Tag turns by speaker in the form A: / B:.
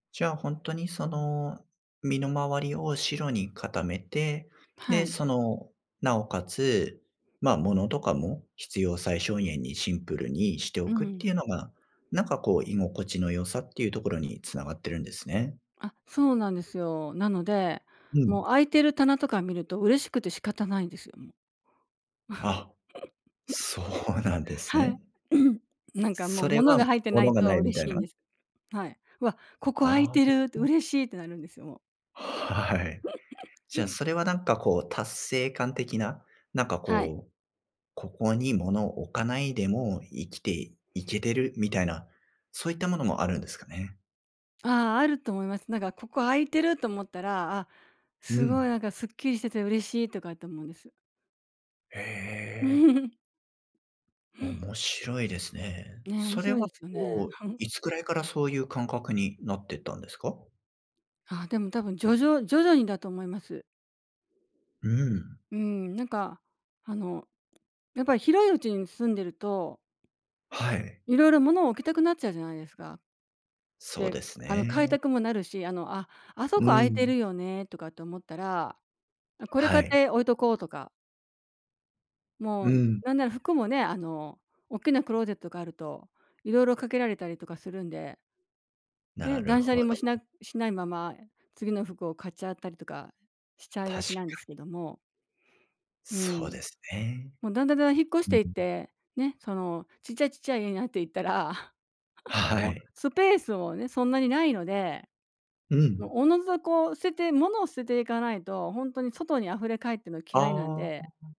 A: じゃあほんとにその、身の回りを白に固めて、
B: は
A: で、
B: い。
A: その、なおかつ、まあ物とかも、必要最小限にシンプルにしてお
B: う
A: くって
B: ん。
A: いうのが、なんかこう居心地の良さっていうところに繋がってるんですね。
B: あ、そうなんですよ。なので、
A: う
B: もう
A: ん。
B: 空いてる棚とか見ると、嬉しくて仕方ないんですよもう。
A: あ、そうなんで す
B: はい。
A: ね。
B: なんかもう
A: それ
B: 物
A: は、
B: が入ってない
A: 物が
B: と
A: ないみ
B: 嬉
A: たい
B: しいん
A: な。
B: です。はい。「うわ、ここ空い
A: あ
B: てる」って、
A: あ。
B: 「嬉しい」ってなるんですよもう。
A: はい。じゃあ、それはなんかこう達成感的な、なんか
B: はい。
A: こう、ここに物を置かないでも、生きていけてるみたいな、そういったものもあるんですかね？
B: ああ、あると思います。なんか「ここ空いてる」と思ったら、「あ、
A: う
B: すごい
A: ん。
B: なんかスッキリしてて嬉しい」とかって思うんです。
A: へえ。面白いですね。
B: ね、面
A: それ
B: 白い
A: は
B: ですよね。
A: こう、いつぐらいからそういう感覚になってったんですか？
B: あ、でも、多分徐々徐々にだと思います。
A: うん。
B: うん、なんかあの、やっぱり広い家に住んでると
A: はい。
B: 色々物を置きたくなっちゃうじゃないですか。
A: そう
B: で、
A: です
B: あの買い
A: ね。
B: たくもなるし、あの、「あ、あそ
A: う
B: こ空いて
A: ん。
B: るよね」とかって思ったら、「あ、これ
A: は
B: 買っ
A: い。
B: て置いとこう」とか。も
A: う
B: う
A: ん。
B: なんなら服もね、あの、おっきなクローゼットがあると、色々かけられたりとかするんで。ね、
A: なる
B: 断捨
A: ほ
B: 離もしな
A: ど。
B: しないまま次の服を買っちゃったりとかしちゃい
A: 確か
B: がちなんです
A: に。
B: けども。う
A: そう
B: ん。
A: ですね。
B: もうだんだん、だんだん引っ越し
A: う、う
B: ていっ
A: ん。
B: て、ね、そのちっちゃい、ちっちゃい家になっていったら、
A: は は
B: もう
A: い。
B: スペースもね、そんなにないので。
A: う
B: あ
A: ん。
B: の、自ずとこう捨てて物を捨てていかないと、ほんとに外に溢れかえっての嫌いなん
A: あ
B: で。
A: あ。